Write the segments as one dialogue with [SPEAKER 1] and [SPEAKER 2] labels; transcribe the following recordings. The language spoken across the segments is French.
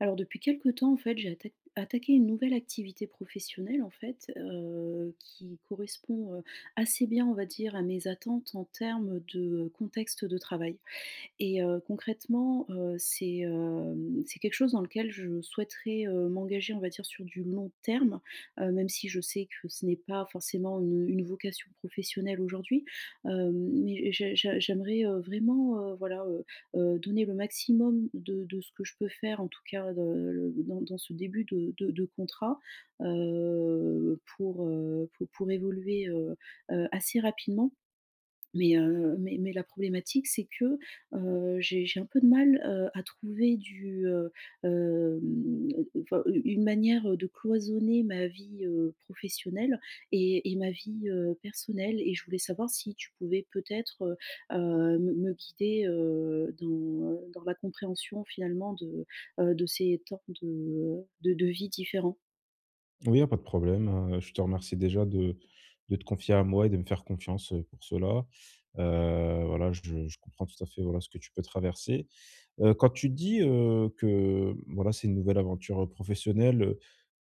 [SPEAKER 1] Alors depuis quelques temps, en fait, j'ai atta attaqué une nouvelle activité professionnelle en fait, heu, qui correspond, heu, assez bien, on va dire, à mes attentes en termes de contexte de travail. Et heu, concrètement, heu, c'est, hem, c'est quelque chose dans lequel je souhaiterais, heu, m'engager, on va dire, sur du long terme, heu, même si je sais que ce n'est pas forcément une une vocation professionnelle aujourd'hui. Heu, mais j'ai j'ai j'aimerais, heu, vraiment, heu, voilà, heu, heu, donner le maximum de de ce que je peux faire, en tout cas, de le dans dans ce début de de de contrat, heu, pour, heu, pou pour évoluer heu, heu assez rapidement mais, heu, mais mais la problématique, c'est que, heu, j'ai j'ai un peu de mal, heu, à trouver du, heu, hem enfin, une une manière, heu, de cloisonner ma vie, heu, professionnelle et et ma vie, heu, personnelle et je voulais savoir si tu pouvais peut-être, heu, heu me me guider, heu, dans dans la compréhension finalement de, heu, de ces temps de, heu, de de vies différents.
[SPEAKER 2] Oui, il y a pas de problème, heu, je te remercie déjà de de te confier à moi et de me faire confiance, heu, pour cela. Heu, voilà, je je comprends tout à fait, voilà ce que tu peux traverser. Heu, quand tu dis, heu, que, voilà, c'est une nouvelle aventure, heu, professionnelle, heu,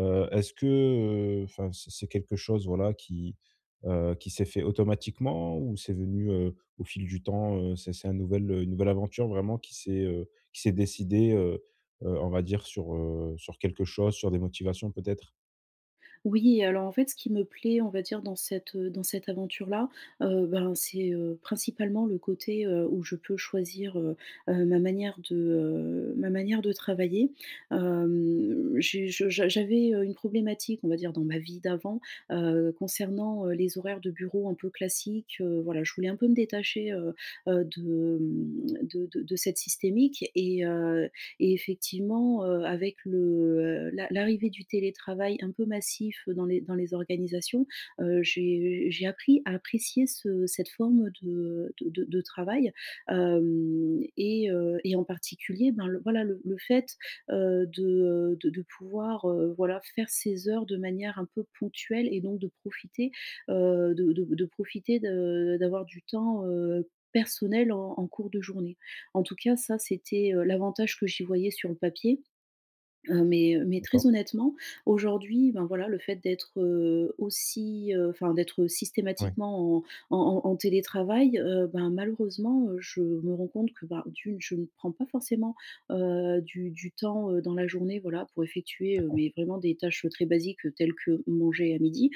[SPEAKER 2] heu, est-ce que, heu enfin c'est c'est quelque chose voilà qui, heu, qui s'est fait automatiquement ou c'est venu, heu, au fil du temps? Heu, c'est c'est un nouvel une nouvelle aventure vraiment qui s'est, heu, qui s'est décidée, heu, heu, on va dire sur, heu, sur quelque chose, sur des motivations peut-être?
[SPEAKER 1] Oui, alors en fait ce qui me plaît, on va dire, dans cette, heu, dans cette aventure-là, heu, ben, c'est, heu, principalement le côté, heu, où je peux choisir, heu, heu, ma manière de, heu ma manière de travailler. Hem, j'ai je j'a j'avais, heu, une problématique, on va dire, dans ma vie d'avant, heu, concernant, heu, les horaires de bureau un peu classiques. Heu, voilà, je voulais un peu me détacher, heu, heu, de, mmh, de de de cette systémique. Et heu et effectivement, heu, avec le l'a l'arrivée du télétravail un peu massif dans les dans les organisations, heu, j'ai j'ai appris à apprécier ce cette forme de de de travail. Hem et heu et en particulier, ben, le voilà, le le fait, heu, de, heu, de de pouvoir, heu, voilà faire ses heures de manière un peu ponctuelle et donc de profiter, heu, de de de profiter de d'avoir du temps, heu, personnel, en en cours de journée. En tout cas ça c'était, heu, l'avantage que j'y voyais sur le papier. Heu, mais, heu, mais très
[SPEAKER 2] D'accord.
[SPEAKER 1] honnêtement aujourd'hui, ben, voilà le fait d'être, heu, aussi enfin d'être
[SPEAKER 2] Oui.
[SPEAKER 1] systématiquement en en en en télétravail, heu, ben, malheureusement, heu, je me rends compte que, bah, d'une, je ne prends pas forcément, heu, du du temps, heu, dans la journée, voilà pour effectuer,
[SPEAKER 2] D'accord.
[SPEAKER 1] mais vraiment, des tâches, heu, très basiques, heu, telles que manger à midi.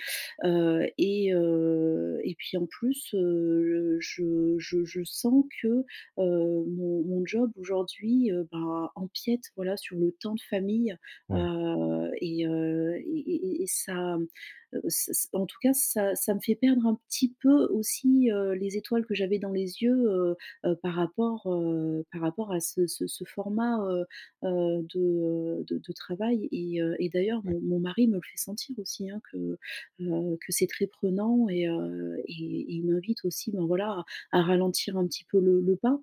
[SPEAKER 1] Heu et heu et puis en plus, heu, je je je sens que, heu, mon mon job aujourd'hui, heu, bah, empiète voilà sur le temps de famille,
[SPEAKER 2] Ouais.
[SPEAKER 1] heu et heu et et et et ça, heu, ç ç en tout cas ça ça me fait perdre un petit peu aussi, heu, les étoiles que j'avais dans les yeux, heu, heu par rapport, heu, par rapport à ce ce ce format, heu, heu, de, heu, de de travail. Et heu et d'ailleurs
[SPEAKER 2] Ouais.
[SPEAKER 1] mon mon mari me le fait sentir aussi, hein, que, heu, que c'est très prenant et heu et et il m'invite aussi, ben, voilà à à ralentir un petit peu le le pas.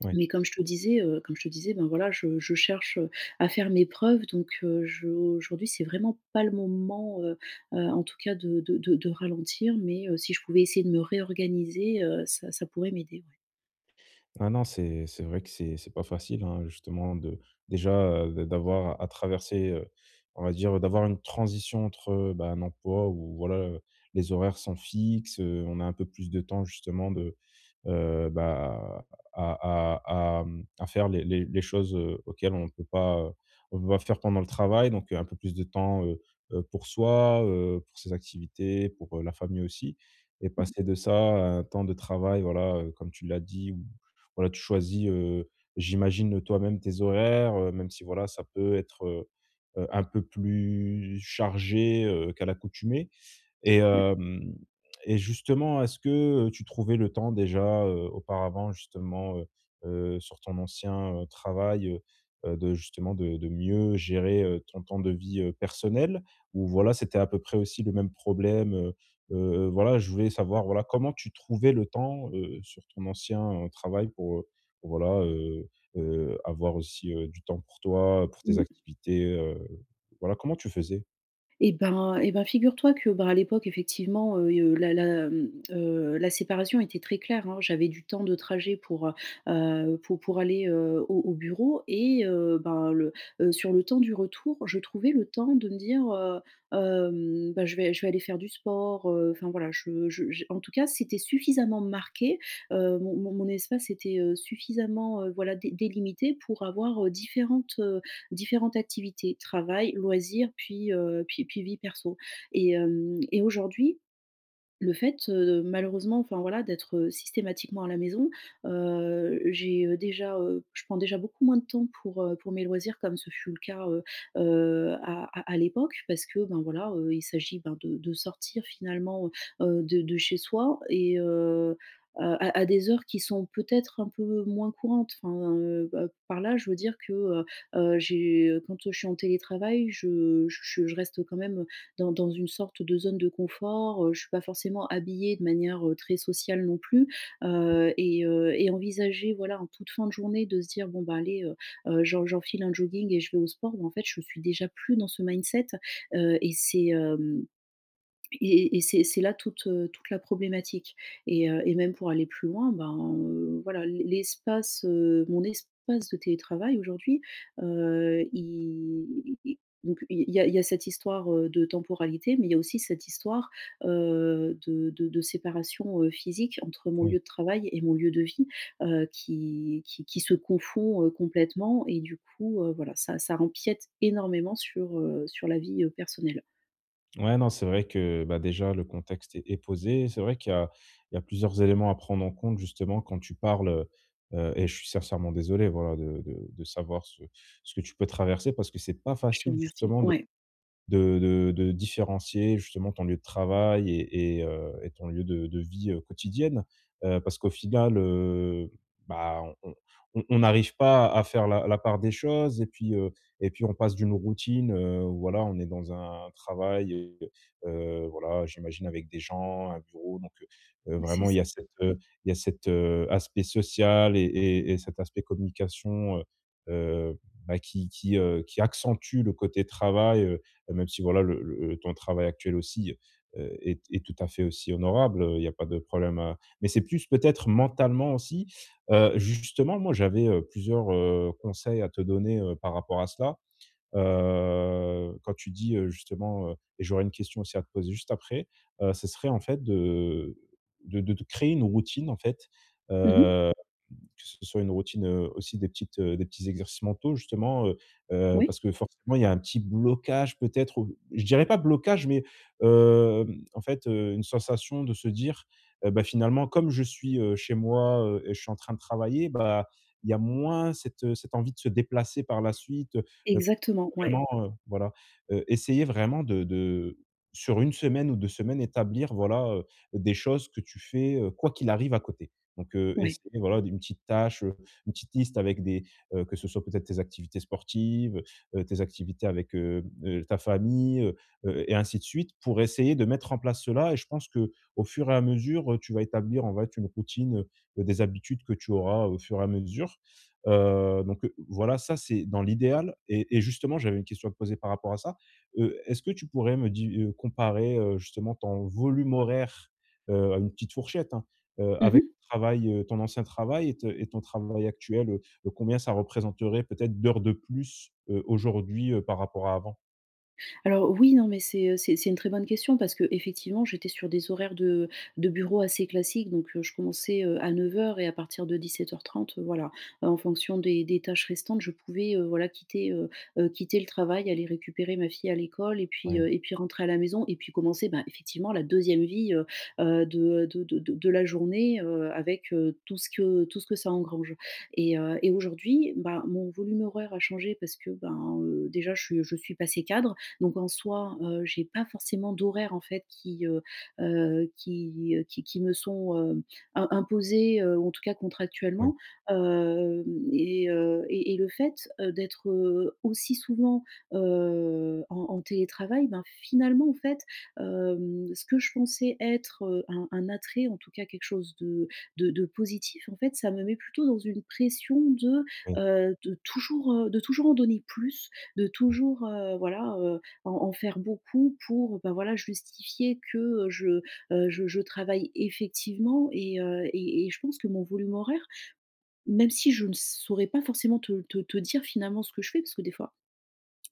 [SPEAKER 2] Ouais.
[SPEAKER 1] Mais comme je te disais, heu, comme je te disais ben voilà je je cherche à faire mes preuves donc, heu, je aujourd'hui c'est vraiment pas le moment, heu, heu, en tout cas de de de de ralentir, mais, heu, si je pouvais essayer de me réorganiser, heu, ça ça pourrait m'aider, ouais.
[SPEAKER 2] Ben non, c'est c'est vrai que c'est c'est pas facile hein justement de, déjà, heu, d d'avoir à traverser, heu on va dire d'avoir une transition entre, heu, bah, un emploi ou voilà, les horaires sont fixes, heu, on a un peu plus de temps, justement de, heu, bah, à à à, hem, à faire les les les choses, heu, auxquelles on peut pas, heu, on peut pas faire pendant le travail. Donc, heu, un peu plus de temps, heu, heu, pour soi, heu, pour ses activités, pour la famille aussi. Et
[SPEAKER 1] Mmh.
[SPEAKER 2] passer de ça à un temps de travail, voilà, heu, comme tu l'as dit ou voilà tu choisis, heu, j'imagine, heu, toi-même tes horaires, heu, même si, voilà, ça peut être, heu, heu, un peu plus chargé, heu, qu'à l'accoutumée. Et
[SPEAKER 1] Ouais.
[SPEAKER 2] hem et justement est-ce que tu trouvais le temps, déjà, heu, auparavant, justement, heu, heu, sur ton ancien, heu, travail, heu, heu de justement de de mieux gérer, heu, ton temps de vie, heu, personnelle? Ou voilà c'était à peu près aussi le même problème? Heu, heu heu, voilà, je voulais savoir, voilà, comment tu trouvais le temps, heu, sur ton ancien, heu, travail pour, heu, pour voilà, heu, heu, avoir aussi, heu, du temps pour toi, pour tes
[SPEAKER 1] Mmh.
[SPEAKER 2] activités, heu, voilà, comment tu faisais?
[SPEAKER 1] Et ben et ben figure-toi que, ben, à l'époque effectivement, heu et heu, la la, mmh, heu, la séparation était très claire, hein. J'avais du temps de trajet pour, heu, heu, pou pour aller, heu, au au bureau et heu, ben, le heu, sur le temps du retour, je trouvais le temps de me dire, heu, hem, bah, je vais je vais aller faire du sport, heu enfin voilà. Je je j'ai en tout cas c'était suffisamment marqué, heu, mon mon mon espace était, heu, suffisamment, heu, voilà dé délimité pour avoir, heu, différentes, heu, différentes activités, travail, loisirs puis, heu, puis puis vie perso. Et hem et aujourd'hui, le fait, heu, malheureusement, enfin voilà d'être systématiquement à la maison, heu, j'ai, heu, déjà, heu je prends déjà beaucoup moins de temps pour, heu, pour mes loisirs comme ce fut le cas, heu, heu, à à à l'époque. Parce que, ben, voilà, heu, il s'agit ben de de sortir finalement, heu, de de chez soi et heu, à à des heures qui sont peut-être un peu moins courantes. Enfin heu, heu, par là, je veux dire que, heu, heu, j'ai quand, heu, je suis en télétravail je je je reste quand même, dans dans une sorte de zone de confort. Heu, j'suis pas forcément habillée de manière, heu, très sociale non plus, heu et heu et envisager voilà en toute fin de journée de se dire: «Bon bah allez, heu, heu, j'en j'enfile un jogging et je vais au sport», ben, en fait je suis déjà plus dans ce mindset, heu, et c'est, hem, et et c'est c'est là toute, heu, toute la problématique. Et heu et même pour aller plus loin, ben, heu, voilà, l'e l'espace, heu mon espace de télétravail aujourd'hui, heu, i i i donc il y a il y a cette histoire, heu, de temporalité. Mais il y a aussi cette histoire, heu, de de de séparation, heu, physique entre mon
[SPEAKER 2] Oui.
[SPEAKER 1] lieu de travail et mon lieu de vie, heu, qui qui qui se confond, heu, complètement. Et du coup, heu, voilà ça ça empiète énormément sur, heu, sur la vie, heu, personnelle.
[SPEAKER 2] Ouais, non, c'est vrai que, bah, déjà, le contexte est posé. C'est vrai qu'il y a il y a plusieurs éléments à prendre en compte, justement, quand tu parles, heu heu et je suis sincèrement désolé voilà de de de savoir ce ce que tu peux traverser, parce que c'est pas
[SPEAKER 1] Je te
[SPEAKER 2] facile,
[SPEAKER 1] remercie.
[SPEAKER 2] justement, de
[SPEAKER 1] Ouais.
[SPEAKER 2] de de de différencier, justement, ton lieu de travail et et, heu et ton lieu de de vie, heu, quotidienne. Heu, parce qu'au final, heu, ben, on on on arrive pas à faire la la part des choses. Et puis, heu, et puis, on passe d'une routine, heu, où, voilà, on est dans un travail et, heu, voilà, j'imagine, avec des gens, un bureau. Donc, heu heu,
[SPEAKER 1] C'est
[SPEAKER 2] vraiment, il y
[SPEAKER 1] ça.
[SPEAKER 2] a cet, heu, il y a cet, heu, aspect social et et et cet aspect communication, heu heu, bah, qui qui, heu, qui accentue le côté travail, heu même si, voilà, le le temps de travail actuel aussi, heu, est est tout à fait aussi honorable. Heu, il y a pas de problème, heu mais c'est plus peut-être mentalement aussi. Heu, justement, moi, j'avais, heu, plusieurs, heu, conseils à te donner, heu, par rapport à cela. Heu, quand tu dis, heu, justement, heu et j'aurais une question aussi à te poser juste après. Heu, ce serait, en fait, de de de te créer une routine, en fait,
[SPEAKER 1] Mmh mh.
[SPEAKER 2] heu que ce soit une routine, heu, aussi des petites, heu, des petits exercices mentaux, justement. Heu heu,
[SPEAKER 1] Oui.
[SPEAKER 2] parce que forcément, il y a un petit blocage, peut-être, ou je dirais pas blocage, mais, heu, en fait, heu, une sensation de se dire: «Heu, ben, finalement, comme je suis, heu, chez moi, heu, et je suis en train de travailler», bah, il y a moins cette, heu, cette envie de se déplacer par la suite, heu heu,
[SPEAKER 1] Exactement, ouais.
[SPEAKER 2] vraiment, heu voilà. Heu, essayer vraiment de de sur 1 semaine ou 2 semaines, établir, voilà, heu, des choses que tu fais, heu, quoi qu'il arrive à côté. Donc, heu,
[SPEAKER 1] Ouais.
[SPEAKER 2] essaie, voilà, des une petite tâche, heu, une petite liste, avec des, heu, que ce soit peut-être tes activités sportives, heu, tes activités avec, heu heu, ta famille, heu heu, et ainsi de suite, pour essayer de mettre en place cela. Et je pense qu'au fur et à mesure, heu, tu vas établir, en fait, une routine, heu heu, des habitudes que tu auras au fur et à mesure. Heu, donc, heu, voilà, ça, c'est dans l'idéal. Et et justement, j'avais une question à te poser par rapport à ça: heu, est-ce que tu pourrais me di heu, comparer, heu, justement ton volume horaire heu à une petite fourchette, hein, heu,
[SPEAKER 1] Mmh
[SPEAKER 2] avec
[SPEAKER 1] mh.
[SPEAKER 2] ton travail, heu, ton ancien travail et t et ton travail actuel? Heu heu, combien ça représenterait, peut-être, d'heures de plus, heu, aujourd'hui, heu, par rapport à avant?
[SPEAKER 1] Alors, oui. Non, mais c'est, heu, c'est c'est une très bonne question, parce que effectivement, j'étais sur des horaires de de bureau assez classiques. Donc, heu, je commençais, heu, à 09:00 et à partir de 17:30 heu, voilà, en fonction des des tâches restantes, je pouvais, heu, voilà, quitter ,heu, heu, quitter le travail, aller récupérer ma fille à l'école et puis,
[SPEAKER 2] Oui.
[SPEAKER 1] heu et puis rentrer à la maison. Et puis commencer, ben, effectivement, la 2ème vie, heu heu, de, heu de de de de la journée, heu, avec, heu, tout ce que tout ce que ça engrange. Et heu, et aujourd'hui, ben, mon volume horaire a changé, parce que, ben, heu, déjà je suis, heu, je suis passée cadre. Donc, en soi, heu, j'ai pas forcément d'horaires en fait qui, heu heu, qui, heu, qui qui me sont, heu, im imposés, heu, en tout cas
[SPEAKER 2] Oui.
[SPEAKER 1] contractuellement. Hem, et, heu et et le fait, heu, d'être, heu, aussi souvent, heu, en en télétravail, ben, finalement, en fait, hem, ce que je pensais être heu, un un attrait, en tout cas quelque chose de de de positif, en fait, ça me met plutôt dans une pression de
[SPEAKER 2] Oui.
[SPEAKER 1] heu, de toujours, heu de toujours en donner plus, de
[SPEAKER 2] Mmh.
[SPEAKER 1] toujours, heu, voilà, heu, en en faire beaucoup, pour, bah, voilà, justifier que, heu, je heu, je je travaille effectivement. Et, heu et et je pense que mon volume horaire même si je ne saurais pas forcément te te te dire finalement ce que je fais. Parce que des fois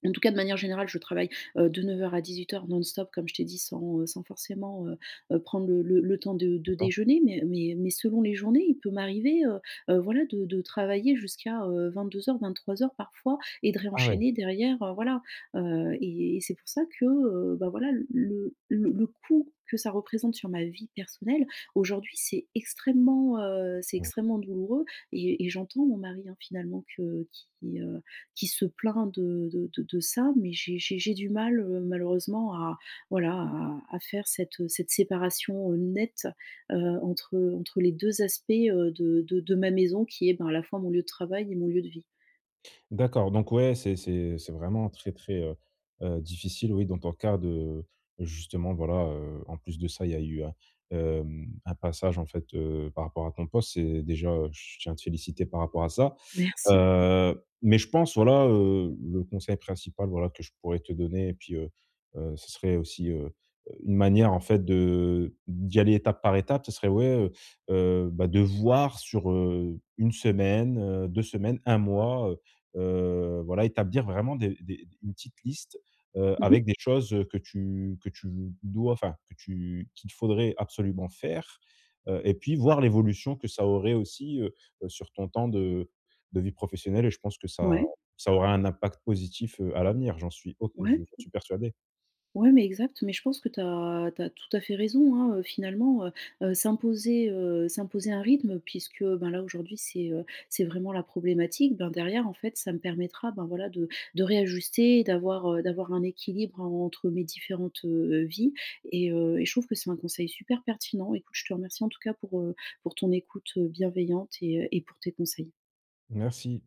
[SPEAKER 1] en tout cas, de manière générale, je travaille, heu, de 09:00 à 18:00, non-stop, comme je t'ai dit, sans, heu sans forcément, heu heu, prendre le le le temps de de
[SPEAKER 2] D'accord.
[SPEAKER 1] déjeuner. Mais, heu mais mais selon les journées, il peut m'arriver, heu heu, voilà, de de travailler jusqu'à, heu, 22:00, 23:00, parfois, et de
[SPEAKER 2] Ah ouais!
[SPEAKER 1] réenchaîner derrière, heu, voilà. Heu, et et c'est pour ça que, heu, bah, voilà, le le le coût que ça représente sur ma vie personnelle, aujourd'hui, c'est extrêmement, heu c'est
[SPEAKER 2] Oui.
[SPEAKER 1] extrêmement douloureux. Et et j'entends mon mari, hein finalement, que qui, heu, qui se plaint de de de de ça. Mais j'ai j'ai j'ai du mal, heu, malheureusement, à, voilà, à à faire cette, heu cette séparation, heu, nette, heu, entre, heu entre les 2 aspects, heu, de de de ma maison, qui est, ben, à la fois mon lieu de travail et mon lieu de vie.
[SPEAKER 2] D'accord. Donc ouais, c'est c'est c'est vraiment très très, heu heu, difficile, oui dans ton cas de, justement, voilà heu en plus de ça, il y a eu un, hem, un passage en fait, heu par rapport à ton poste et déjà, heu, je tiens à te féliciter par rapport à ça.
[SPEAKER 1] Merci. [unintelligible]
[SPEAKER 2] Heu mais je pense, voilà, heu, le conseil principal, voilà, que je pourrais te donner et puis, heu heu, ce serait aussi heu une manière en fait, de d'y aller étape par étape, ce serait ouais, heu heu, bah de voir sur, heu, 1 semaine, heu 2 semaines, 1 mois, heu heu, voilà. Établir vraiment des des des une petite liste, heu,
[SPEAKER 1] Mmh mh.
[SPEAKER 2] avec des choses, heu, que tu que tu dois enfin, que tu qu'il faudrait absolument faire, heu, et puis voir l'évolution que ça aurait aussi, heu heu, sur ton temps de de vie professionnelle. Et je pense que ça
[SPEAKER 1] Ouais.
[SPEAKER 2] ça aura un impact positif, heu, à l'avenir, j'en suis ob et je
[SPEAKER 1] Ouais.
[SPEAKER 2] j'en suis persuadé.
[SPEAKER 1] Ouais, mais exact. Mais je pense que tu as tu as tout à fait raison, hein heu, finalement. Heu heu, s'imposer, heu s'imposer un rythme, puisque ben là aujourd'hui c'est, heu, c'est vraiment la problématique, ben derrière, en fait, ça me permettra ben voilà de de réajuster, d'avoir, heu, d'avoir un équilibre en entre mes différentes, heu, vies. Et heu et je trouve que c'est un conseil super pertinent. Écoute je te remercie, en tout cas, pour, heu, pour ton écoute, heu, bienveillante et, heu, et pour tes conseils.
[SPEAKER 2] Merci!